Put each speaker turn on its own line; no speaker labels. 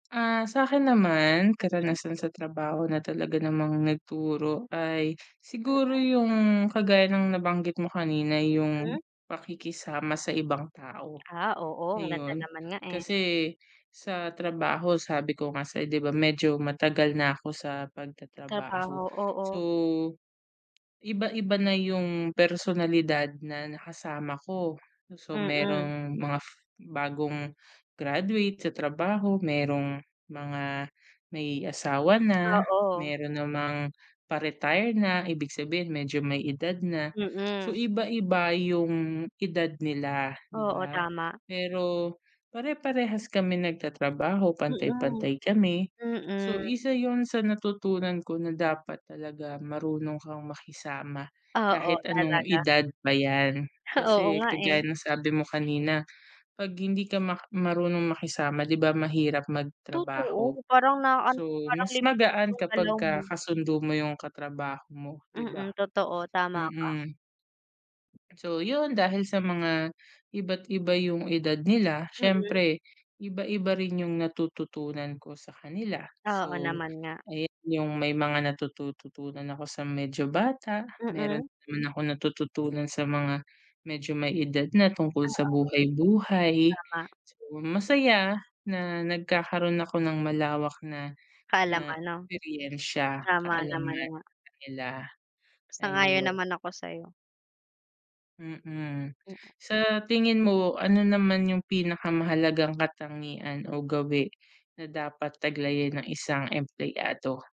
Ah sakin naman,
Mm.
karanasan sa trabaho na talaga namang nagturo ay siguro
Mm.
yung kagaya ng nabanggit mo kanina yung
Mm.
pakikisama sa ibang tao.
Ah oo, ang ganda
Ayun,
naman nga eh.
kasi, sa trabaho sabi ko nga sayo di ba medyo matagal na ako sa pag-tatrabaho.
Trabaho,
So,
oo.
iba-iba na yung personalidad na nakasama ko. So
Mm.
merong mga f bagong graduate sa trabaho, merong mga may asawa na,
Oo.
meron namang pa-retire na, ibig sabihin medyo may edad na. So
Mm.
iba-iba yung edad nila, di
Oo,
ba?
tama.
Pero, pare-parehas kami nag-tatrabaho
Mm,
pantay-pantay kami, so
mm.
isa yun sa natutunan ko na dapat talaga marunong kang makisama,
Oo,
kahit anong
talaga.
edad pa yan.
Oo
Kasi,
nga
kagaya
eh.
ng sabi mo kanina, pag hindi ka mak marunong makisama di ba, mahirap mag-trabaho,
Totoo, parang na ano,
so
parang
mas
limitado
magaan
yung galaw
kapagka
mo.
ka-sundo mo yung katrabaho mo, di ba?
Mm, totoo, tama ka.
Mm. So yun, dahil sa mga iba't iba yung edad nila,
Mm.
siyempre, iba-iba rin yung natututunan ko sa kanila.
Oo
So
naman nga.
ayan yung may mga natututuan ako sa medyo bata, meron
Mm.
naman akong natututunan sa mga medyo may edad na tungkol
Oo.
sa buhay-buhay.
Tama.
So masaya na nagkakaroon ako ng malawak na na
Kaalaman 'no?
eksperiyensiya,
Tama naman
kaalaman,
nga.
sa kanila,
Sang-ayon
ayun.
naman ako sayo.
Mm.
Mm.
Sa tingin mo, ano naman yung pinaka-mahalagang katangian o gawi na dapat taglayin ng isang empleyado?